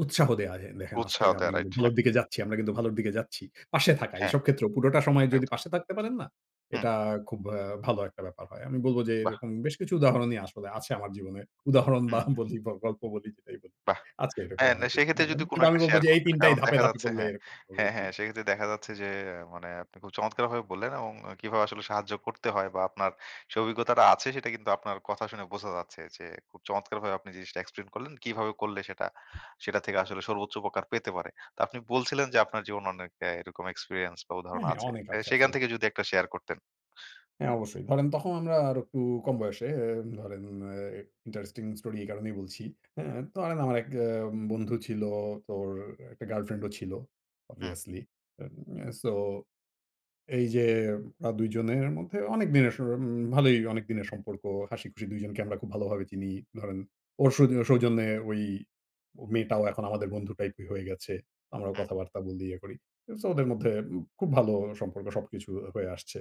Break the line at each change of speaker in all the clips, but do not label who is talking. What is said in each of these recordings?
উৎসাহ দেওয়া হ্যাঁ, দেখেন আজ
উৎসাহ
থেকে
দেয়া
আপনি কিন্তু
রাইট। হ্যাঁ।
ভালোর দিকে যাচ্ছি আমরা কিন্তু ভালোর দিকে যাচ্ছি। পাশে থাকা
হ্যাঁ।
এইসব ক্ষেত্রেও পুরোটা সময় যদি
একদম।
পাশে থাকতে পারেন না?
হুম।
এটা খুব আ ভালো একটা ব্যাপার হয়। আমি বলবো যে
বাহ!
এরকম বেশ কিছু উদাহরণই আসলে আছে আমার জীবনে। উদাহরণ
হু,
বা
হু।
বলি বা গল্প বলি যেটাই বলি।
বাহ!
আছে এরকম
হ্যাঁ না
অনেক কিছু
সেক্ষেত্রে যদি
[unintelligible] কিন্তু
কোন
আমি
একটা
বলব
শেয়ার
যে এই
করতেন না।
৩ টাই
কারণ
ধাপে,
দেখা
ধাপে
যাচ্ছে
বললে
হ্যাঁ,
এরকম হবে
হ্যাঁ,
জি।
হ্যাঁ সেক্ষেত্রে দেখা যাচ্ছে যে আ মানে আপনি খুব চমৎকারভাবে বললেন এবং কিভাবে আসলে সাহায্য করতে হয় বা আপনার সেই অভিজ্ঞতাটা আছে সেটা কিন্তু আপনার কথা শুনে বোঝা যাচ্ছে যে খুব চমৎকারভাবে আপনি জিনিসটা এক্সপ্লেইন করলেন কিভাবে করলে সেটা সেটা থেকে আসলে সর্বোচ্চ উপকার পেতে পারে। তো আপনি বলছিলেন যে আপনার জীবনে অনেক হ্যাঁ এরকম এক্সপেরিয়েন্স বা
হ্যাঁ,
উদাহরণ
হ্যাঁ
আছে।
অনেক
তাইলে
আছে
সেখান
আসলে।
থেকে যদি একটা শেয়ার করতেন।
হ্যাঁ অবশ্যই। ধরেন তখন আমরা আর একটু কম বয়সে এ ধরেন আ interesting story এই কারণেই বলছি। হ্যাঁ? তো আর আম আমার এক আ বন্ধু ছিল তো ওর একটা গার্লফ্রেন্ড ও ছিল
হুম।
obviously এম এ সো এই যে আ দুইজনের মধ্যে অনেকদিনের স উম ভালোই অনেক দিনের সম্পর্ক, হাসিখুশি দুইজনকে আমরা খুব ভালোভাবে চিনি। ধরেন ওর শুধু ও সৌজন্যে ওই মেয়েটাও এখন আমাদের বন্ধু টাইপের হয়ে গেছে। আমরাও
হুম।
কথাবার্তা বলি, ইয়ে করি। সো ওদের মধ্যে উব খুব ভালো সম্পর্ক সবকিছু আ হয়ে আসছে।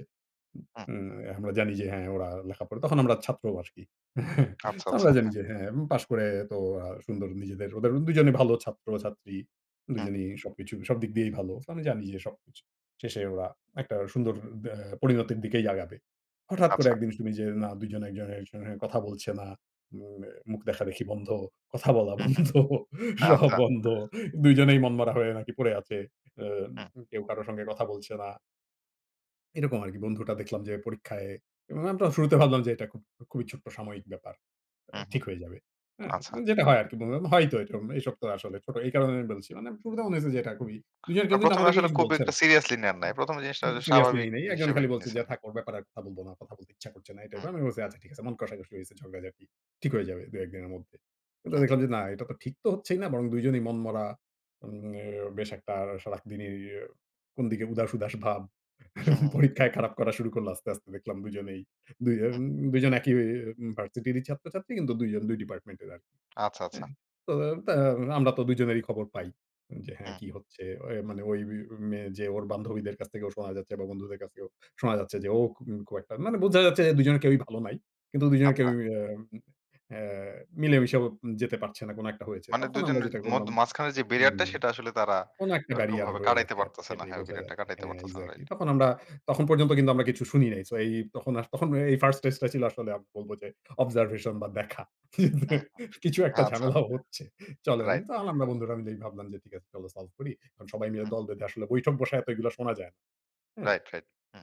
হুম।
উম আ আমরা জানি যে হ্যাঁ ওরা লেখা পড়ে তখন আমরা ছাত্র আরকি।
আচ্ছা,
তো
আচ্ছা
আমরা জানি
হ্যাঁ।
যে হ্যাঁ এবং পাশ করে তো আ সুন্দর নিজেদের ওদের দুইজনেই ভালো ছাত্র-ছাত্রী।
হুম।
দুইজনই সবকিছু সবদিক দিয়েই ভালো সো আমি জানি যে সবকিছু। শেষে ওরা একটা সুন্দর দা পরিণতির দিকেই আগাবে। হঠাৎ করে
আচ্ছা।
একদিন শুনি যে না দুইজন একজনের সঙ্গে কথা বলছে না। উম আ মুখ দেখাদেখি বন্ধ। কথা বলা
হুম, হুম।
বন্ধ, সব
আচ্ছা।
বন্ধ। দুইজনেই মনমরা হয়ে নাকি পড়ে আছে।
হুম।
উম কেউ কারো সঙ্গে কথা বলছে না। এরকম আরকি বন্ধুটা দেখলাম যে পরীক্ষায় আমরা তো শুরুতে ভাবলাম যে এটা খুব খুবই ছোট্ট সাময়িক ব্যাপার আ
হুম,
ঠিক
হুম
হয়ে যাবে। হ্যাঁ?
আচ্ছা।
যেটা হয় আরকি [unintelligible] হয়ইতো এরকম এসব তো আসলে ছোট এই কারণেই আমি বলছি। মানে শুরুতে মনে হয়েছে যে এটা খুবই দুজনের
আ
কেউ কিন্তু
১ম এ
আমাদেরকে
আসলে
কিছু
খুব
বলছে
একটা
না।
সিরিয়াসলি নেন নাই। ১ম এ জিনিসটা
সিরিয়াসলি
স্বাভাবিক
নেই নাই। একজন
হিসেবে
খালি বলছে যে,
নিয়েছেন, হ্যাঁ।
"থাক ওর ব্যাপারে আর কথা বলবো না, কথা বলতে ইচ্ছা করছে না" এই টাইপ
হুম।
এর। আমি বলছি আচ্ছা ঠিক আছে মন কষাকষি হয়েছে ঝগড়াঝাটি। ঠিক হয়ে যাবে ২-১ দিনের মধ্যে। কিন্তু
হুম।
দেখলাম যে না এটা তো ঠিক তো হচ্ছেই না বরং দুইজনই মনমরা এ বেশ একটা সারাদিনই কোনদিকে উদাস, উদাস ভাব
হু, হু।
পরীক্ষায় খারাপ করা শুরু করল আস্তে, আস্তে দেখলাম দুজনেই দুইজন
হু।
দুইজন একই ভার্সিটিরই ছাত্রছাত্রী কিন্তু দুইজন দুই ডিপার্টমেন্ট এর আরকি।
আচ্ছা,
হ্যাঁ?
আচ্ছা।
তো তো আমরা তো দুজনেরই খবর পাই। যে হ্যাঁ
হুম।
কি হচ্ছে ওয় মানে ওই বি মেয়ে যে ওর বান্ধবীদের কাছ থেকেও শোনা যাচ্ছে বা বন্ধুদের কাছ থেকেও শোনা যাচ্ছে যে ও খুব, খুব একটা মানে বোঝা যাচ্ছে যে দুজনের কেউই ভালো নাই। কিন্তু দুজনের
আচ্ছা।
কেউই আম আ মিলেমিশেও যেতে পারছে না কোন একটা হয়েছে।
মানে ২
তখন আমরা
জনের
যেটা
মধ
করলাম
মাঝখানের যে ব্যারিয়ারটা
হুম
সেটা আসলে তারা
কোন একটা ব্যারিয়ার
ওরকমভাবে
রয়ে
কাটাইতে
গেছে আর
পারতেছে না।
যেটাই
হ্যাঁ
বোঝা
ব্যারিয়ারটা
যাচ্ছে
কাটাইতে
হ্যাঁ
পারতেছে না
exactly
রাইট।
তখন আমরা তখন পর্যন্ত কিন্তু আমরা কিছু শুনি নাই। সো এই এই তখন আ তখন এই 1st stage টা ছিল আসলে আ বলব যে অবজারভেশন বা দেখা।
হুম, হু।
কিছু একটা
আচ্ছা।
ঝামেলাও হচ্ছে। চলেন
রাইট।
তো আল বন্ধুরা মিলেই ভাবলাম যে ঠিক আছে চলো solve করি। এখন সবাই মিলে
হুম।
দল বেঁধে আসলে বৈঠক বসায় এত এগুলো শোনা যায় না। হ্যাঁ?
Right, right. হুম।